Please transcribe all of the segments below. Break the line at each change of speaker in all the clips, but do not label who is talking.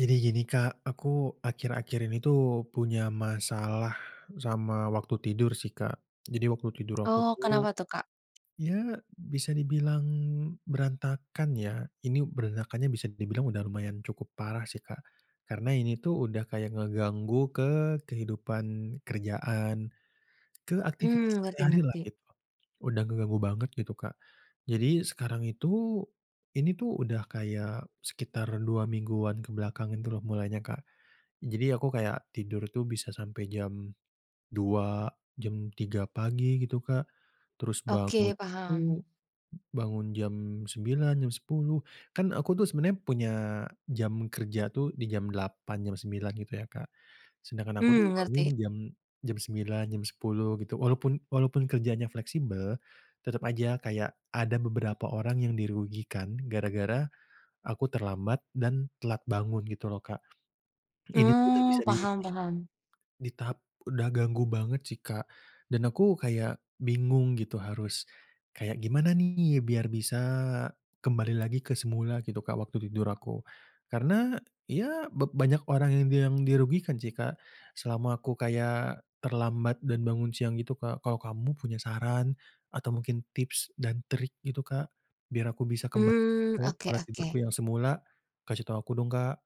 Jadi gini, Kak, aku akhir-akhir ini tuh punya masalah sama waktu tidur sih, Kak. Jadi waktu tidur aku
Oh. Kenapa
tuh
tuh, Kak?
ya bisa dibilang berantakan ya, ini berantakannya bisa dibilang udah lumayan cukup parah sih, Kak. Karena ini tuh udah kayak ngeganggu ke kehidupan kerjaan, ke aktivitas
Hmm,
sehari-hari lah
ngerti-ngerti.
gitu. Udah ngeganggu banget gitu, Kak. Jadi sekarang itu, ini tuh udah kayak sekitar 2 mingguan ke belakang itu loh mulainya Kak. Jadi aku kayak tidur itu bisa sampai jam 2.00, jam 3.00 pagi gitu, Kak. Terus bangun
Oke,
itu,
paham.
bangun jam 9.00, jam 10.00 kan aku tuh sebenarnya punya jam kerja tuh di jam 8.00, jam 9.00 gitu ya, Kak. Sedangkan aku tuh
Hmm,
bangun
ngerti.
jam jam 9.00, jam 10.00 gitu. Walaupun walaupun kerjanya fleksibel tetep aja kayak ada beberapa orang yang dirugikan gara-gara aku terlambat dan telat bangun gitu loh, Kak. Ini udah
Oh,
bisa di
paham
tahap
paham.
di tahap udah ganggu banget sih, Kak, dan aku kayak bingung gitu harus kayak gimana nih biar bisa kembali lagi ke semula gitu, Kak, waktu tidur aku. Karena ya ba banyak orang yang bilang dirugikan sih, Kak, selama aku kayak terlambat dan bangun siang gitu, Kak. Kalau kamu punya saran atau mungkin tips dan trik gitu, Kak? Biar aku bisa kembali
Mmm.
ke
Oke
pola
oke.
tidurku yang semula. Kasih tau aku dong, Kak.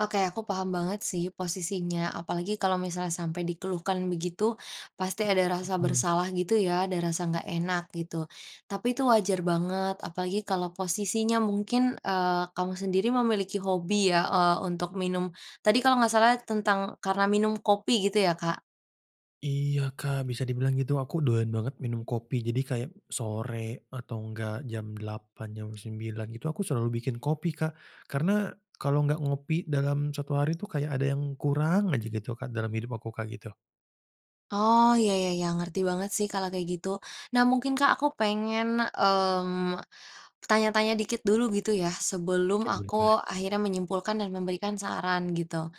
Oke. Aku paham banget sih posisinya, apalagi kalau misalnya sampai dikeluhkan begitu pasti ada rasa
Mhm.
bersalah gitu ya, ada rasa nggak enak gitu. Tapi itu wajar banget, apalagi kalau posisinya mungkin, eee, kamu sendiri memiliki hobi ya, eee, untuk minum, tadi kalau nggak salah tentang karena minum kopi gitu ya Kak?
Iya Kak, bisa dibilang gitu, aku doyan banget minum kopi. Jadi kayak sore atau enggak jam 8.00, jam 9.00 gitu, aku selalu bikin kopi Kak, karena kalau enggak ngopi dalam 1 hari itu kayak ada yang kurang aja gitu Kak, dalam hidup aku kayak gitu.
Oh ya ya ya, ngerti banget sih kalau kayak gitu. Nah mungkin Kak, aku pengen, mmm, tanya-tanya dikit dulu gitu ya sebelum
Oke, boleh boleh.
aku akhirnya menyimpulkan dan memberikan saran gitu.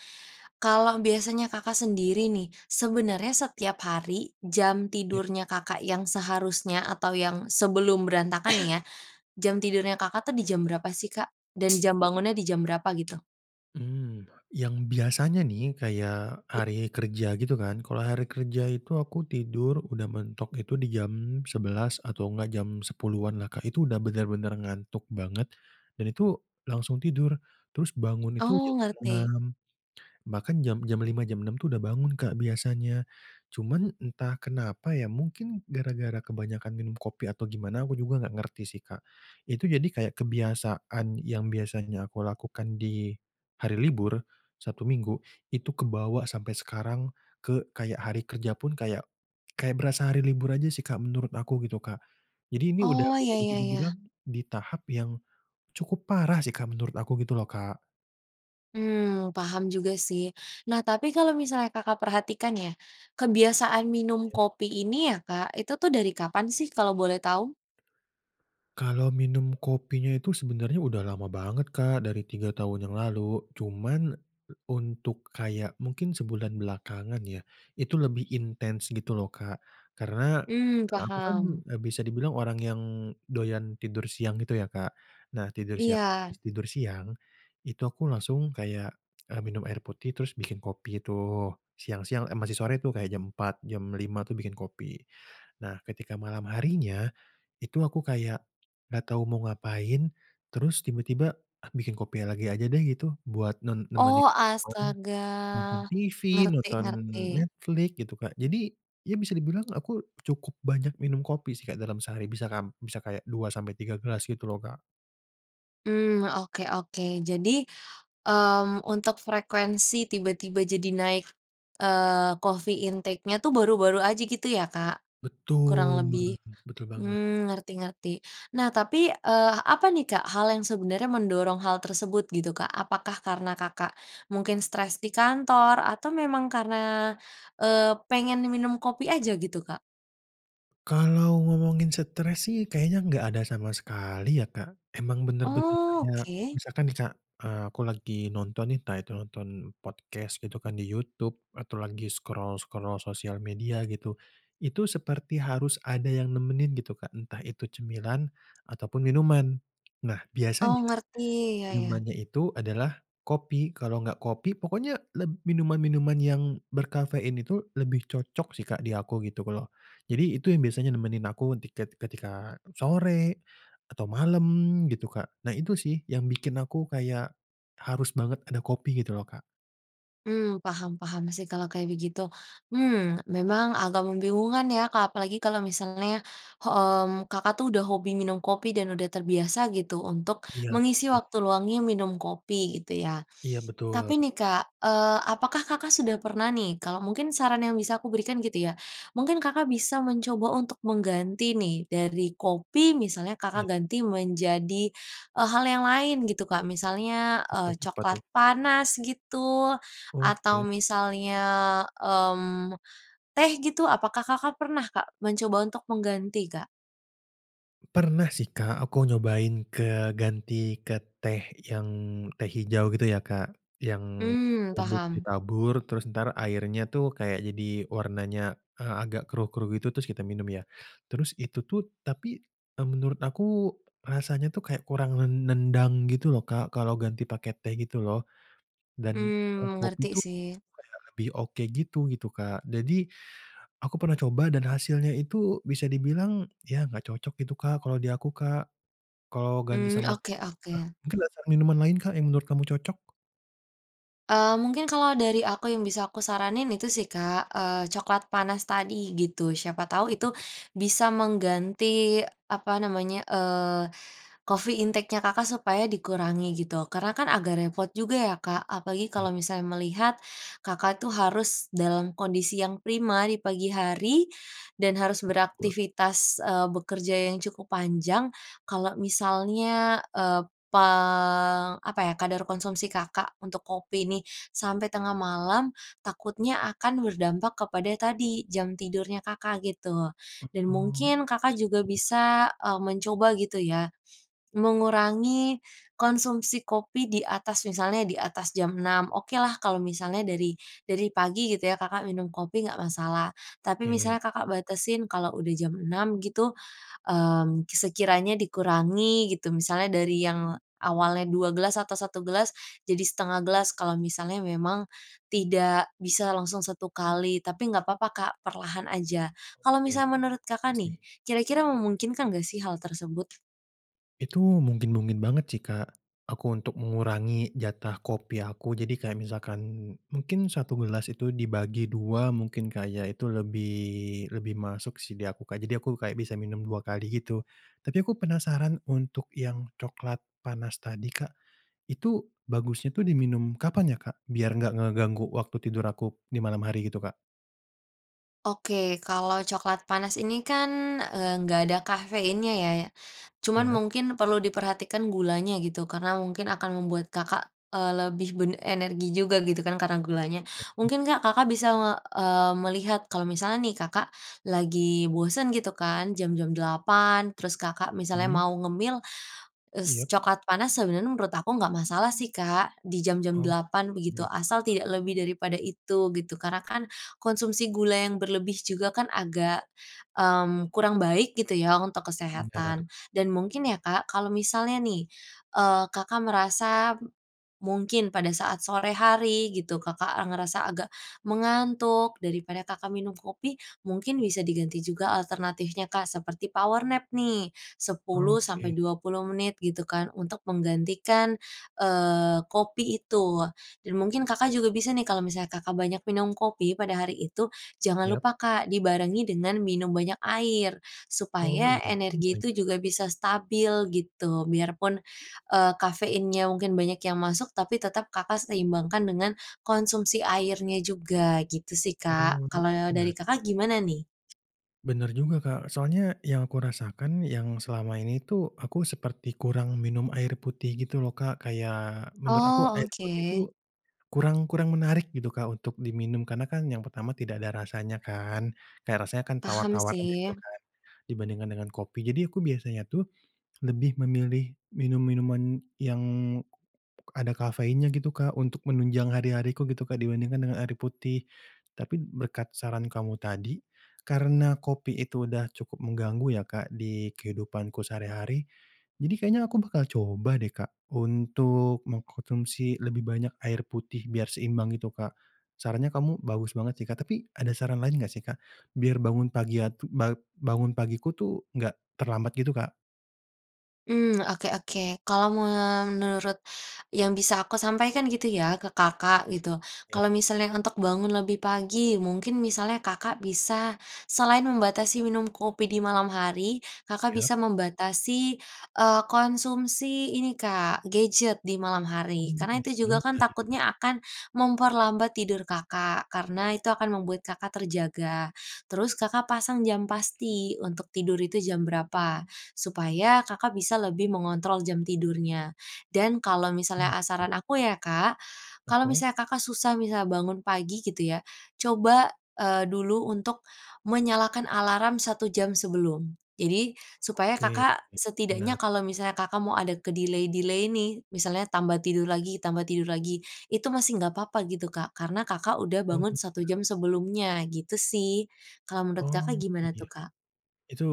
Kalau biasanya Kakak sendiri nih, sebenernya setiap hari jam
Ya.
tidurnya Kakak yang seharusnya atau yang sebelum berantakan ya, jam tidurnya Kakak itu di jam berapa sih Kak dan jam bangunnya di jam berapa gitu?
Mmm, yang biasanya nih kayak
I
hari kerja gitu kan, kalau hari kerja itu aku tidur udah mentok itu di jam 11.00 atau enggak jam 10.00-an lah Kak, itu udah bener-bener ngantuk banget dan itu langsung tidur, terus bangun itu
Oh,
jam
ngerti.
6.00, bahkan jam jam 5.00, jam 6.00 itu udah bangun Kak biasanya. Cuman entah kenapa ya mungkin gara-gara kebanyakan minum kopi atau gimana, aku juga enggak ngerti sih Kak. itu jadi kayak kebiasaan yang biasanya aku lakukan di hari libur, Sabtu, Minggu itu kebawa sampai sekarang ke kayak hari kerja pun, kayak kayak berasa hari libur aja sih Kak menurut aku gitu Kak. Jadi ini udah
Oh,
udah
ya
bisa
ya ya.
dibilang di tahap yang cukup parah sih Kak menurut aku gitu loh, Kak.
Mmm, paham juga sih. Nah, tapi kalau misalnya Kakak perhatikan ya kebiasaan minum
Ya.
kopi ini ya, Kak, itu tuh dari kapan sih kalau boleh tahu?
Kalau minum kopinya itu sebenernya udah lama banget, Kak, dari 3 tahun yang lalu. Cuman untuk kayak mungkin sebulan belakangan ya itu lebih intens gitu loh, Kak. Karena,
Mmm,
aku kan
paham.
e bisa dibilang orang yang doyan tidur siang gitu ya, Kak. Nah, tidur sia
Iya.
abis tidur siang itu aku langsung kayak, eee, minum air putih terus bikin kopi tuh siang-siang eh masih sore tuh kayak jam 4.00, jam 5.00 tuh bikin kopi. Nah, ketika malam harinya, itu aku kayak enggak tahu mau ngapain terus tiba-tiba bikin kopi lagi aja deh gitu, buat ne nemeni
Oh,
nonton,
astaga,
nonton TV,
ngerti
nonton
ngerti.
Netflix gitu, Kak. Jadi ya bisa dibilang aku cukup banyak minum kopi sih dalam sehari bisa kam bisa kayak 2 sampai 3 gelas gitu loh, Kak.
Mmm. Oke oke. Jadi, mmm, untuk frekuensi tiba-tiba jadi naik, eee, coffee intake-nya tuh baru-baru aja gitu ya, Kak, kurang
Betul.
lebih?
Betul banget.
Mmm, ngerti ngerti. Nah, tapi, eee, apa nih, Kak, hal yang sebenarnya mendorong hal tersebut gitu, Kak. Apakah karena Kakak mungkin stres di kantor atau memang karena, eee, pengen minum kopi aja gitu, Kak?
Kalau ngomongin stres sih kayaknya enggak ada sama sekali ya Kak. Emang bener-bener
Oh,
kayak
oke.
misalkan nih Kak, eee, aku lagi nonton nih, entah itu nonton podcast gitu kan di YouTube atau lagi scroll-scroll sosial media gitu. Itu seperti harus ada yang nemenin gitu Kak. Entah itu cemilan ataupun minuman. Nah
Oh
biasanya
ngerti, iya iya.
minumannya itu adalah kopi. Kalau enggak kopi, pokoknya leb minuman-minuman yang berkafein itu lebih cocok sih Kak di aku gitu. Kalau jadi itu yang biasanya nemenin aku di ket ketika sore, atau malam gitu Kak. Nah itu sih yang bikin aku kayak, harus banget ada kopi gitu loh Kak.
Mmm paham paham sih kalau kayak begitu, mmm, memang agak membingungkan ya Kak, apalagi kalau misalnya, hmm, Kakak tuh udah hobi minum kopi dan sudah terbiasa gitu untuk
Iya,
mengisi
bener.
waktu luangnya minum kopi gitu ya.
Iya betul.
Tapi nih Kak, eee, apakah Kakak sudah pernah nih, kalau mungkin saran yang bisa aku berikan gitu ya, mungkin Kakak bisa mencoba untuk mengganti nih dari kopi misalnya, Kakak
Iya.
ganti menjadi, eee, hal yang lain gitu Kak. Misalnya, eee,
[unintelligible]
coklat
Tuh.
panas gitu, atau
Oke.
misalnya, mmm, teh gitu, apakah Kakak pernah Kak, mencoba untuk mengganti Kak?
Pernah sih, Kak, aku nyobain keganti ke teh yang teh hijau gitu ya, Kak, yang
Mmm,
bubuk
paham.
ditabur terus entar airnya tuh kayak jadi warnanya, eee, agak keruh-keruh gitu, terus kita minum ya, terus itu tuh tapi, eee, menurut aku rasanya tuh kayak kurang nen nendang gitu loh, Kak, kalau ganti pake teh gitu loh, dan
Mmm,
kopi
mengerti
itu
sih.
kayak lebih oke gitu gitu, Kak. Jadi, aku pernah coba dan hasilnya itu bisa dibilang, ya enggak cocok gitu, Kak, kalau di aku, Kak. Kalau ganti
Mmm.
sama teh
Oke
juga,
oke.
mungkin ada saran minuman lain, Kak yang menurut kamu cocok?
Eee, mungkin kalau dari aku yang bisa aku saranin itu sih, Kak, eee, coklat panas tadi gitu. Siapa tahu
Oh,
itu
oke.
bisa mengganti apa namanya, eee, coffee intake-nya Kakak supaya dikurangi gitu. Karena kan agak repot juga ya, Kak, apalagi kalau
Iya.
misalnya melihat Kakak itu harus dalam kondisi yang prima di pagi hari, dan harus
[unintelligible]
beraktivitas, eee, bekerja yang cukup panjang. Kalau misalnya, eee, pang apa ya kadar konsumsi Kakak untuk kopi nih sampai tengah malam, takutnya akan berdampak kepada tadi jam tidurnya Kakak gitu,
Mhm,
dan
oh, iya sih
mungkin Kakak juga
betul ya.
bisa, eee, mencoba gitu ya, mengurangi konsumsi kopi di atas, misalnya di atas jam 6. Okelah kalau misalnya dari dari pagi gitu ya Kakak minum kopi nggak masalah. Tapi
Ke.
misalnya Kakak batasin kalau udah jam 6 gitu, mmm, sekiranya dikurangi gitu. Misalnya dari yang awalnya 2 gelas atau 1 gelas jadi 1/2 gelas, kalau misalnya memang tidak bisa langsung 1 kali, tapi nggak papa, Kak, perlahan aja. Kalau
Oke.
misalnya menurut
Iya
Kakak nih
sih.
kira-kira memungkinkan nggak sih hal tersebut?
Itu mungkin-mungkin banget sih, Kak, aku untuk mengurangi jatah kopi aku. Jadi kayak misalkan, mungkin 1 gelas itu dibagi 2 mungkin, Kak ya? Itu lebih lebih masuk sih di aku, Kak. Jadi aku kayak bisa minum 2 kali gitu. Tapi aku penasaran untuk yang coklat panas tadi, Kak, itu bagusnya tuh diminum kapan ya, Kak? Biar nggak ngeganggu waktu tidur aku di malam hari, gitu, Kak.
Oke. Kalau coklat panas ini kan, eee, nggak ada kafeinnya ya? Cuma
Yap.
mungkin perlu diperhatikan gulanya, gitu. Karena mungkin akan membuat Kakak, eee, lebih ben energi juga gitu kan, Karena gulanya.
Oke, nih.
Mungkin Kak, Kakak bisa nge eee, melihat, kalau misalnya nih Kakak, lagi bosen gitu kan. Jam jam 8.00, terus Kakak
Mmm.
mau ngemil, s
Yap.
coklat panas sebenarnya menurut aku nggak masalah sih, Kak. Di jam-jam
Oke,
8.00,
ini
begitu.
masuk
Asal
akal.
tidak lebih daripada itu, gitu. Karena kan, konsumsi gula yang berlebih juga kan, agak, mmm, kurang baik, gitu ya untuk
Benar.
kesehatan. Dan mungkin ya Kak, kalau misalnya nih, eee, Kakak merasa m mungkin pada saat sore hari gitu, Kakak, eee, merasa agak, mengantuk. Daripada Kakak minum kopi, mungkin bisa diganti juga alternatifnya Kak, seperti power nap nih, 10 sampai
Oke.
20 menit, gitu kan. Untuk menggantikan, eee, kopi itu. Dan mungkin Kakak juga bisa nih, kalau misalnya Kakak banyak minum kopi pada hari itu, jangan
Yap.
lupa Kak, dibarengi dengan minum banyak air.
Oh.
Supaya
Iya juga,
energi itu juga
ya.
bisa stabil, gitu. Biar pun, eee, kafeinnya mungkin banyak yang masuk, tapi tetap Kakak seimbangkan dengan, konsumsi airnya juga, gitu sih,
Oh.
Kak. Kalau,
Iya.
dari Kakak gimana nih?
Bener juga, Kak. Soalnya yang aku rasakan yang selama ini tuh aku seperti kurang minum air putih gitu loh, Kak. Kayak menurut aku
Oh,
air putih itu
oke.
kurang kurang menarik gitu, Kak, untuk diminum. Karena kan yang pertama tidak ada rasanya kan, kayak rasanya kan
Paham
tawar-tawar aja gitu
sih.
kan dibandingkan dengan kopi, jadi aku biasanya tuh lebih memilih minum-minuman yang ada kafeinnya gitu, Kak, untuk menunjang hari-hariku gitu, Kak, dibandingkan dengan air putih. Tapi berkat saran kamu tadi karena kopi itu udah cukup mengganggu ya, Kak, di kehidupanku sehari-hari. Jadi kayaknya aku bakal coba deh, Kak, untuk mengkonsumsi lebih banyak air putih biar seimbang gitu, Kak. Sarannya kamu bagus banget sih, Kak. Tapi ada saran lain enggak sih, Kak, biar bangun pagi atu bangun pagiku tuh enggak terlambat gitu, Kak.
Mmm, oke oke. Kalau menurut yang bisa aku sampaikan gitu ya ke Kakak gitu.
Ya.
Kalau misalnya untuk bangun lebih pagi, mungkin misalnya Kakak bisa selain membatasi minum kopi di malam hari, Kakak
Ya.
bisa membatasi, eee, konsumsi ini, Kak, gadget di malam hari.
Oh,
Karena
iya
itu juga kan
juga ya.
takutnya akan memperlambat tidur Kakak, karena itu akan membuat Kakak terjaga. Terus Kakak pasang jam
Oke.
pasti untuk tidur itu jam berapa supaya Kakak bisa lebih mengontrol jam tidurnya. Dan kalau misalnya ah
Iya.
saran aku ya, Kak, kalau
Oke.
misalnya Kakak susah misalnya bangun pagi gitu ya, coba, eee, dulu untuk menyalakan alarm 1 jam sebelum. Jadi supaya
Oke,
Kakak setidaknya
benar.
kalau misalnya Kakak mau ada ke-delay-delay nih, misalnya tambah tidur lagi tambah tidur lagi itu masih nggak apa-apa gitu, Kak. Karena Kakak udah
Oh,
bangun 1
ya.
jam sebelumnya gitu sih. Kalau menurut
Oh,
Kakak gimana tuh,
iya.
Kak?
Itu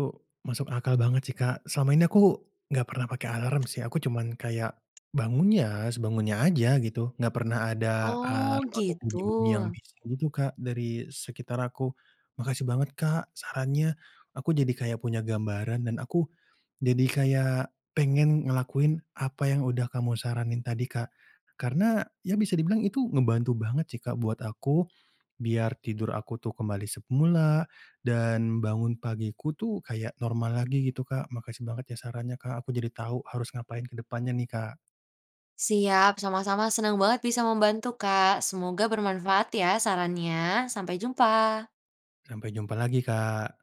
masuk akal banget sih, Kak. Selama ini aku enggak pernah pakai alarm sih. Aku cuman kayak bangunnya sebangunnya aja gitu. Enggak pernah ada
Oh
alarm atau
gitu.
bunyi-bunyi yang bisa gitu, Kak, dari sekitar aku. Makasih banget, Kak, sarannya aku jadi kayak punya gambaran dan aku jadi kayak pengen ngelakuin apa yang udah kamu saranin tadi, Kak. Karena ya bisa dibilang itu ngebantu banget sih, Kak, buat aku biar tidur aku tuh kembali semula dan bangun pagiku tuh kayak normal lagi gitu, Kak. Makasih banget ya sarannya, Kak, aku jadi tahu harus ngapain ke depannya nih, Kak.
Siap, sama-sama senang banget bisa membantu, Kak. Semoga bermanfaat ya sarannya. Sampai jumpa.
Sampai jumpa lagi, Kak.